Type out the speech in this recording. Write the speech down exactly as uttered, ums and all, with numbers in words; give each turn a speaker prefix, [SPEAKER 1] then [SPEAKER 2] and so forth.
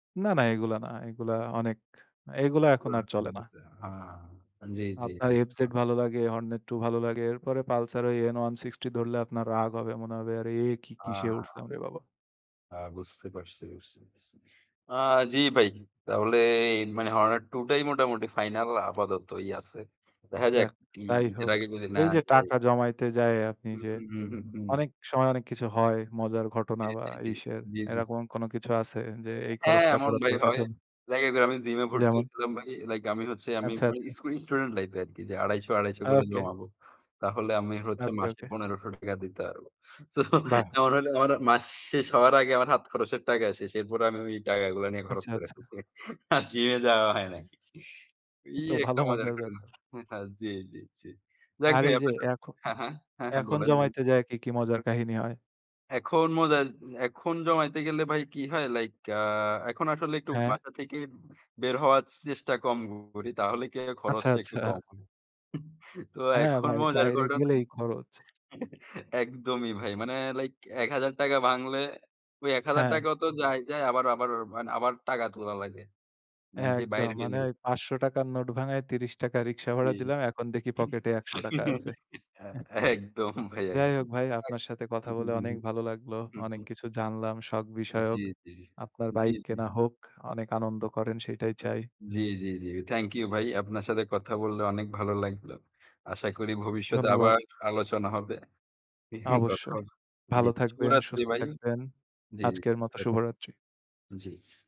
[SPEAKER 1] না, না, এগুলা না। এগুলা অনেক। আ এগুলা এখন আর চলে না।
[SPEAKER 2] [unintelligible] হ্যাঁ, জি, জি,
[SPEAKER 1] আপনার
[SPEAKER 2] জি।
[SPEAKER 1] এফ জেড ভালো লাগে, হর্নেট টু ভালো লাগে। এরপরে পালসার N160 ধরলে আপনার রাগ হবে। মনে হবে আরে এ কি? কিসে
[SPEAKER 2] আ
[SPEAKER 1] উঠলাম রে বাবা!
[SPEAKER 2] আ বুঝতে পারছি বুঝছি আ জি, ভাই। তাহলে মানে হরনেট টু টাই মোটামুটি ফাইনাল আপাততই আছে। দেখা যাক
[SPEAKER 1] যাক
[SPEAKER 2] কি
[SPEAKER 1] তাই
[SPEAKER 2] ঈদের
[SPEAKER 1] হোক।
[SPEAKER 2] আগে যদি
[SPEAKER 1] এই
[SPEAKER 2] নেয়া
[SPEAKER 1] যে,
[SPEAKER 2] যায়।
[SPEAKER 1] টাকা জমাইতে যায় আপনি
[SPEAKER 2] হু,
[SPEAKER 1] যে,
[SPEAKER 2] হু, হু, হু, হুম।
[SPEAKER 1] অনেক সময় অনেক কিছু হয়। মজার ঘটনা
[SPEAKER 2] জি,
[SPEAKER 1] বা
[SPEAKER 2] জি, জি,
[SPEAKER 1] ইসের
[SPEAKER 2] জি, জি।
[SPEAKER 1] এরকম কোন কিছু আছে যে, এই
[SPEAKER 2] হ্যাঁ,
[SPEAKER 1] খরচটা।
[SPEAKER 2] এমন ভাই
[SPEAKER 1] [unintelligible]
[SPEAKER 2] হয়। লাগে যে, আমি জিমে ভর্তি
[SPEAKER 1] যেমন?
[SPEAKER 2] হয়েছিলাম ভাই। লাইক আমি হচ্ছে আমি
[SPEAKER 1] আচ্ছা,
[SPEAKER 2] স্কু
[SPEAKER 1] আচ্ছা।
[SPEAKER 2] স্কুল স্টুডেন্ট লাইফ এ আরকি যে, আড়াইশো আড়াইশো করে
[SPEAKER 1] ওকে।
[SPEAKER 2] জমাবো। তাহলে আমি হচ্ছে
[SPEAKER 1] ওকে,
[SPEAKER 2] মাসে
[SPEAKER 1] ওকে।
[SPEAKER 2] পনেরশ টাকা দিতে পারব। তো
[SPEAKER 1] বাহ!
[SPEAKER 2] এমন হলে আমার মাস শেষ হওয়ার আগে আমার হাত খরচের টাকা শেষ। এরপর আমি ওই টাকাগুলা নিয়ে খরচ
[SPEAKER 1] আচ্ছা,
[SPEAKER 2] কইরা
[SPEAKER 1] আচ্ছা।
[SPEAKER 2] ফেলসি। আর জিমে যাওয়া হয় নাই এই
[SPEAKER 1] তো
[SPEAKER 2] একটা
[SPEAKER 1] ভালো
[SPEAKER 2] মজার
[SPEAKER 1] মজার
[SPEAKER 2] ঘটনা।
[SPEAKER 1] ব্যাপার।
[SPEAKER 2] জি, জি, জি। যাক
[SPEAKER 1] আর
[SPEAKER 2] ভাই
[SPEAKER 1] এই যে,
[SPEAKER 2] আপনার সাথে
[SPEAKER 1] এখন,
[SPEAKER 2] হ্যাঁ, হ্যাঁ, হ্যাঁ, হ্যাঁ,
[SPEAKER 1] এখন,
[SPEAKER 2] বলেন ব
[SPEAKER 1] জমাইতে যায় কি, কি মজার কাহিনী হয়?
[SPEAKER 2] এখন মজা, এখন জমাইতে গেলে ভাই কি হয় লাইক আ এখন আসলে একটু
[SPEAKER 1] হ্যাঁ।
[SPEAKER 2] বাসা থেকে বের হওয়ার চেষ্টা কম করি। তাহলে কি হয়
[SPEAKER 1] আচ্ছা,
[SPEAKER 2] খরচটা একটু কম
[SPEAKER 1] আচ্ছা
[SPEAKER 2] হয়। তো
[SPEAKER 1] হ্যাঁ,
[SPEAKER 2] এখন
[SPEAKER 1] ভাই,
[SPEAKER 2] মজার
[SPEAKER 1] বাইরে
[SPEAKER 2] ঘটনা
[SPEAKER 1] গেলেই খরচ।
[SPEAKER 2] একদমই ভাই। মানে লাইক এক হাজার টাকা ভাঙলে। ওই এক হাজার
[SPEAKER 1] হ্যাঁ।
[SPEAKER 2] টাকা তো যায়, যায়, আবার, আবার, আবার, টাকা তোলা লাগে। যে,
[SPEAKER 1] একদম
[SPEAKER 2] বাইর
[SPEAKER 1] মানে
[SPEAKER 2] হইলেই।
[SPEAKER 1] ওই পাচশো টাকার নোট ভাঙ্গায় ত্রিশ টাকা রিকশা
[SPEAKER 2] জি,
[SPEAKER 1] ভাড়া দিলাম। এখন দেখি পকেটে একশো টাকা আছে।
[SPEAKER 2] আ
[SPEAKER 1] হ্যাঁ।
[SPEAKER 2] একদম ভাই
[SPEAKER 1] যাই
[SPEAKER 2] একদম
[SPEAKER 1] হোক ভাই
[SPEAKER 2] [unintelligible]
[SPEAKER 1] আপনার সাথে কথা
[SPEAKER 2] হু, হুম।
[SPEAKER 1] বলে
[SPEAKER 2] হু,
[SPEAKER 1] অনেক ভালো লাগলো।
[SPEAKER 2] হু, হু,
[SPEAKER 1] অনেক
[SPEAKER 2] হুম।
[SPEAKER 1] কিছু জানলাম শখ
[SPEAKER 2] জি,
[SPEAKER 1] বিষয়ক।
[SPEAKER 2] জি,
[SPEAKER 1] আপনার
[SPEAKER 2] জি,
[SPEAKER 1] বাইক
[SPEAKER 2] জি।
[SPEAKER 1] কেনা হোক, অনেক আনন্দ করেন সেটাই চাই।
[SPEAKER 2] জি, জি, জি। থ্যাংক ইউ ভাই। আপনার সাথে কথা বললে অনেক ভালো লাগলো। আশা করি ভবিষ্যতে
[SPEAKER 1] ধন্যবাদ।
[SPEAKER 2] আবার আলোচনা হবে। কথা
[SPEAKER 1] অবশ্যই।
[SPEAKER 2] হবে। জি,
[SPEAKER 1] ভালো থাকবেন,
[SPEAKER 2] শুভরাত্রি
[SPEAKER 1] সুস্থ
[SPEAKER 2] ভাই।
[SPEAKER 1] থাকবেন।
[SPEAKER 2] জি, জি,
[SPEAKER 1] আজকের মতো
[SPEAKER 2] শুভরাত্রি।
[SPEAKER 1] শুভরাত্রি।
[SPEAKER 2] জি।